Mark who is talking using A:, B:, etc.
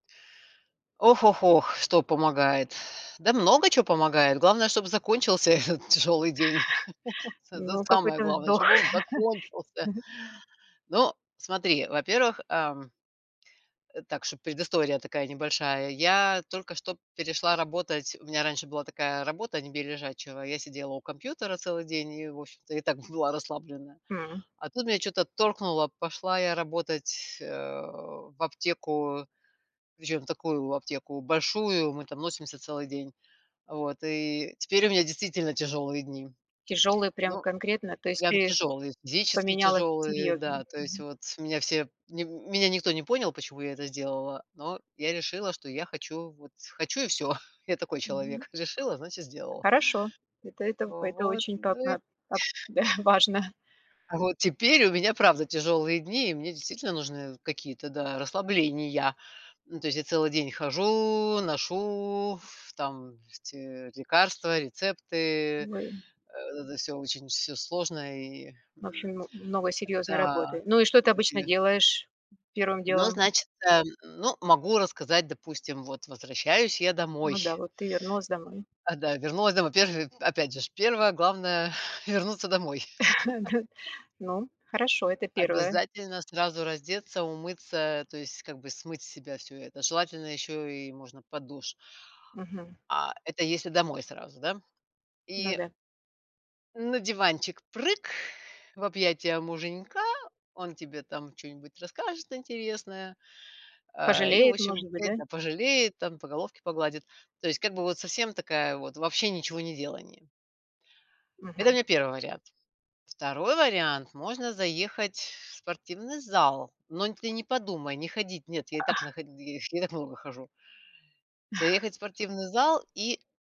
A: Ох-ох-ох, что помогает. Да много чё помогает. Главное, чтобы закончился этот тяжелый день. Это
B: Ну,
A: самое
B: какой-то
A: главное,
B: вздох.
A: чтобы он закончился.
B: Мгм.
A: Ну, смотри, во-первых, эм, так чтоб предыстория такая небольшая, я только что перешла работать у меня раньше была такая работа не бей лежачего. Я сидела у компьютера целый день и, в общем-то, и так б была расслабленная.
B: М.
A: А тут меня чё-то торкнуло, пошла я работать, э, в аптеку. Причем в такую аптеку большую, мы там носимся целый день. А вот, и теперь у меня действительно тяжелые дни.
B: Тяжелый прям
A: Ну,
B: конкретно, то есть
A: прям
B: ты
A: тяжелые, физически
B: поменялась
A: тяжелые,
B: серьёзно.
A: да, то есть
B: Мгм.
A: вот меня все, нем меня никто не понял, почему я это сделала, но я решила, что я хочу, вот хочу и всё. Я такой
B: Мгм.
A: человек. Решила, значит, сделала.
B: Хорошо, это это это
A: Вот,
B: очень по
A: ну, и
B: отно ат да, важно.
A: Вот теперь у меня, правда, тяжелые дни, и мне действительно нужны какие-то, да, расслабления. Ну, то есть я целый день хожу, ношу ф там эти лекарства, рецепты.
B: Ой.
A: Это всё очень всё сложно, и
B: В
A: м,
B: общем, ну много серьезной
A: да,
B: работы. Ну и что ты
A: грубо
B: обычно
A: себе
B: делаешь первым
A: Но,
B: делом?
A: значит, эм, ну, могу рассказать, допустим, вот возвращаюсь я домой
B: Ну да, вот ты вернулась домой.
A: А, да, вернулась домой. Во-первых, опять же ж, 1-е главное- вернуться домой.
B: Да, ну хорошо, это 1.
A: Обязательно сразу раздеться, умыться, то есть, как бы, смыть с себя всё это. Желательно ещё и можно под душ.
B: Мгм.
A: А это если домой сразу, да?
B: Ну
A: И
B: да.
A: На диванчик прыг в объятия муженька, он тебе там чё-нибудь расскажет интересное, а, и, в
B: Пожалеет,
A: общем,
B: может быть,
A: опять,
B: да?
A: да, пожалеет там, по головке погладит, то есть как бы вот совсем такая вот вообще ничегонеделание. Это у
B: Мгм.
A: меня 1 вариант. 2 вариант: можно заехать в спортивный зал, но ты не подумай не ходить, нет, я и так на
B: А
A: ходи я и так много хожу. Заехать в спортивный зал и